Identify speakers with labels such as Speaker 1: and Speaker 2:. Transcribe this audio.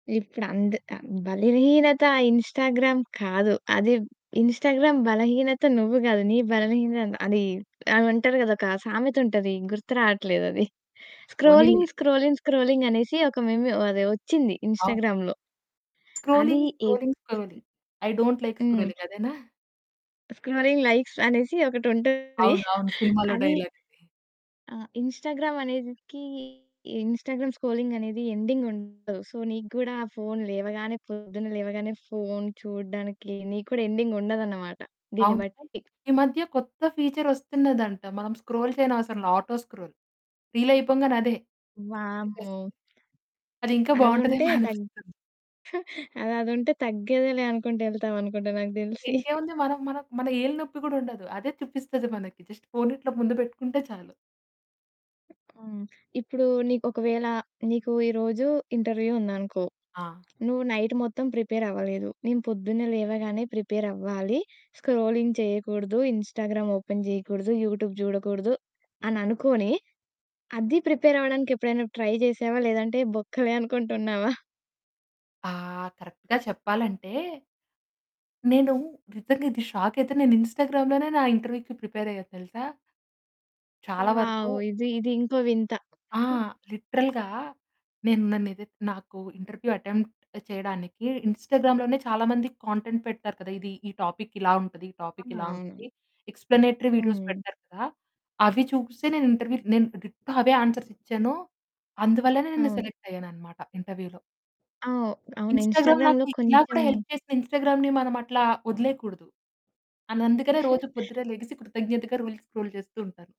Speaker 1: ఇప్పుడు అంద్ ఆహ్, బలహీనత ఆ ఇన్‌స్టాగ్రామ్ కాదు. అది ఇన్‌స్టాగ్రామ్ బలహీనత, నువ్వు కాదు, నీ బలహీనత అది అంటారు కదా! ఒక సామెతుంటది, గుర్తు రాట్లేదు అది.
Speaker 2: పోనీలే.
Speaker 1: స్క్రోలింగ్, స్క్రోలింగ్, స్క్రోలింగ్ అనేసి ఒక మీమ్ అది వచ్చింది
Speaker 2: అవును.
Speaker 1: ఇన్‌స్టాగ్రామ్‌లో. అది
Speaker 2: scrolling,
Speaker 1: a
Speaker 2: scrolling, scrolling. I don't like
Speaker 1: hmm.
Speaker 2: Scrolling. అదేనా?
Speaker 1: స్క్రోలింగ్, లైక్స్ అనేసి ఒకటుంటది.
Speaker 2: అవును, అవును. సినిమాలో
Speaker 1: అది
Speaker 2: డైలాగ్. ఇది.
Speaker 1: ఆ! ఇన్‌స్టాగ్రామ్ అనేదికి, ఇన్‌స్టాగ్రామ్ స్క్రోలింగ్ అనేది ఎండింగ్ ఉండదు. సో నీకు గూడా ఆ ఫోను లేవగానే, పొద్దున్న లేవగానే ఫోను చూడడానికి నీకు కూడా ఎండింగ్ ఉండదన్నమాట. దీన్ని
Speaker 2: అవును.
Speaker 1: బట్టి.
Speaker 2: ఈ మధ్య కొత్త ఫీచర్ వస్తున్నదంట. మనం స్క్రోల్ చేయడం అవసరంల. ఆటో స్క్రోల్ రీల్ అయిపొంగనే అదే తిప్పేస్తది.
Speaker 1: వామ్మో!
Speaker 2: అదింకా
Speaker 1: అది
Speaker 2: బావుంటదేమో
Speaker 1: ఉంటే ఉంటే తగ్
Speaker 2: అనిపిస్తుంది.
Speaker 1: అదది ఉంటే తగ్గేదిలే అనుకుంటూ యెళ్తాం అనుకుంటా నాకు
Speaker 2: ఇన్
Speaker 1: తెలిసి.
Speaker 2: ఇంకేముంది. మనం మనం మన ఏలు నొప్పి కూడా ఉండదు. అదే చూపిస్తది మనకి. జస్ట్ ఫోనిట్లా ముందు పెట్టుకుంటే చాలు.
Speaker 1: హ్మ్, ఇప్పుడు నీకొక వేళ, నీకు ఈరోజు ఇంటర్వ్యూ ఉందనుకో.
Speaker 2: ఆ!
Speaker 1: నువ్వు నైట్ మొత్తం ప్రిపేర్ అవ్వలేదు. నేను పొద్దున్నే లేవగానే ప్రిపేర్ అవ్వాలి. స్క్రోలింగ్ చేయకూడదు. ఇన్‌స్టాగ్రామ్ ఓపెన్ చేయకూడదు. యూట్యూబ్ జూడకూడదు అని అనుకోని, అది ప్రిపేర్ అవ్వడానికి ఎప్పుడైనా ట్రై జేశావా? లేదంటే బొక్కలే అనుకుంటున్నావా?
Speaker 2: ఆ! కరెక్ట్‌గా చెప్పాలంటే, నేను నిజంగా ఇది షాక్ అయితే, నేను ఇన్‌స్టాగ్రామ్‌లోనే నా ఇంటర్వ్యూకి ప్రిపేర్ అయ్యా తెలుసా! చాలా వరకు
Speaker 1: వావ్! ఇది, ఇది ఇంకో వింత.
Speaker 2: ఆ! లిటరల్‌గా నేను నన్నేదైతే నాకు ఇంటర్వ్యూ అటెంప్ట్ చేయడానికి ఇన్‌స్టాగ్రామ్ లోనే చాలా మంది కాంటెంట్ పెడతారు కదా! ఇది, ఈ టాపిక్ ఇలా ఉంటది, ఈ
Speaker 1: ఆ!
Speaker 2: టాపిక్ ఇలా
Speaker 1: అవును.
Speaker 2: ఉంటది. ఎక్స్‌ప్లానేటరీ వీడియోస్
Speaker 1: హ్మ్.
Speaker 2: పెడతారు కదా! అవి చూసే నేను ఇంటర్వ్యూలో నేను డిట్టో అవే ఆన్సర్స్ ఇచ్చాను. అందువల్లనే నేను
Speaker 1: అవును.
Speaker 2: సెలెక్ట్ అయ్యాననమాట ఇంటర్వ్యూలో.
Speaker 1: ఆ! అవును.
Speaker 2: ఇన్‌స్టాగ్రామ్ నాకు
Speaker 1: ఇన్‌స్టాగ్రామ్‌లో
Speaker 2: ఇలా కూడా
Speaker 1: కొంచెం
Speaker 2: హెల్ప్ చేసింది. ఇన్‌స్టాగ్రామ్‌ని మనం అట్లా వదిలేయకూడదు. అన్ అందుకనే రోజు పొద్దున్నే లెగిసి కృతజ్ఞతగా రీల్స్ స్క్రోల్ చేస్తూ ఉంటాను.